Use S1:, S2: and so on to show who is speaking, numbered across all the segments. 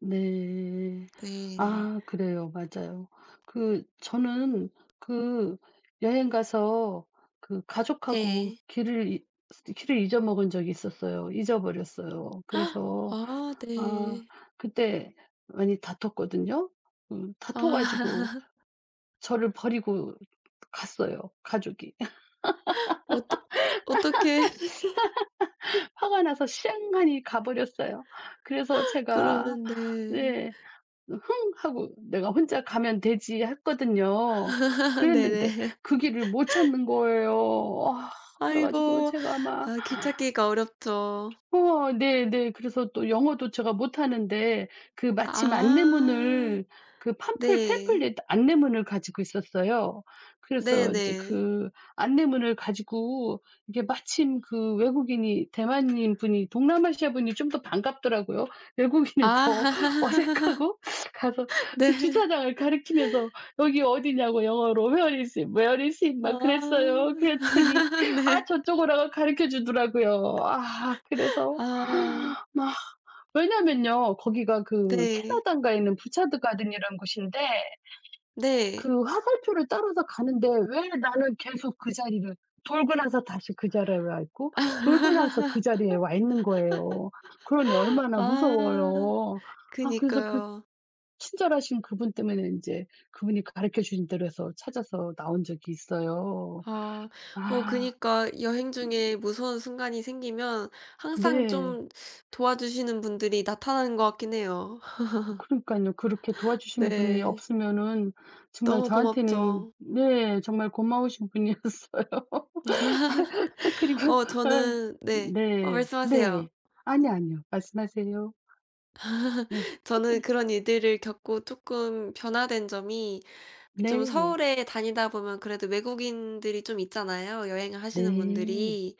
S1: 네.
S2: 네.
S1: 아. 그래요. 맞아요. 그 저는 그 여행 가서 그 가족하고
S2: 네.
S1: 길을 잊 길을 잊어먹은 적이 있었어요. 잊어버렸어요. 그래서
S2: 아
S1: 아
S2: 네.
S1: 그때 많이 다퉜거든요. 음 다퉈 가지고
S2: 아.
S1: 저를 버리고 갔어요, 가족이.
S2: 어떡 어떡해.
S1: 화가 나서 쌩하니 가 버렸어요. 그래서 제가
S2: 그러면 네.
S1: 네. "흥!" 하고 '내가 혼자 가면 되지.' 했거든요. 그랬는데
S2: 네네.
S1: 그 길을 못 찾는 거예요. 아 그래 가지고
S2: 아이고.
S1: 제가 막
S2: 아 길 찾기가 어렵죠.
S1: 우와 네네. 그래서 또 영어도 제가 못하는데 그 마침
S2: 아.
S1: 안내문을 그 팜플
S2: 네.
S1: 팸플릿 안내문을 가지고 있었어요. 그래서 인제
S2: 네네.
S1: 그 안내문을 가지고 이게 마침 그 외국인이 대만인 분이 동남아시아 분이 좀 더 반갑더라고요.
S2: 아
S1: 외국인은 더 어색하고 가서
S2: 네.
S1: 그 주차장을 가리키면서 여기 어디냐고 영어로 "where is it? where is it?" 막
S2: 아.
S1: 그랬어요. 그랬더니 아
S2: 네.
S1: 저쪽으로 가리켜 주더라고요. 아 그래서
S2: 아.
S1: 막 왜냐면요 거기가 그
S2: 네.
S1: 캐나다인가에 있는 부차트 가든이라는 곳인데
S2: 네.
S1: 그 화살표를 따라서 가는데 왜 나는 계속 그 자리를 돌고 나서 다시 그 자리에 와 있고,
S2: 아.
S1: 돌고 나서 그 자리에 와 있는 거예요. 그러니 얼마나
S2: 아.
S1: 무서워요. 아 그래서 그
S2: 그니까요.
S1: 친절하신 그분 때문에 인제 그분이 가리켜 주신 대로 해서 찾아서 나온 적이 있어요.
S2: 아. 어
S1: 아.
S2: 그니까 여행 중에 무서운 순간이 생기면 항상
S1: 네.
S2: 좀 도와주시는 분들이 나타나는 것 같긴 해요.
S1: 아 그러니깐요. 그렇게 도와주시는 분이
S2: 네.
S1: 없으면은 정말
S2: 너무
S1: 저한테는
S2: 고맙죠.
S1: 네. 정말 고마우신 분이었어요. 그리고
S2: 어
S1: 아
S2: 저는 네. 어
S1: 네
S2: 말씀하세요.
S1: 네. 아니요, 아니요. 말씀하세요. 네.
S2: 저는 그런 일들을 겪고 쪼끔 변화된 점이 좀
S1: 네.
S2: 서울에 다니다 보면 그래도 외국인들이 좀 있잖아요 여행을 하시는
S1: 네.
S2: 분들이.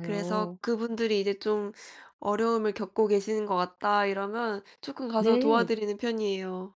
S2: 그래서 그분들이 이제 좀 어려움을 겪고 계시는 것 같다 이러면 쪼끔 가서
S1: 네.
S2: 도와드리는 편이에요.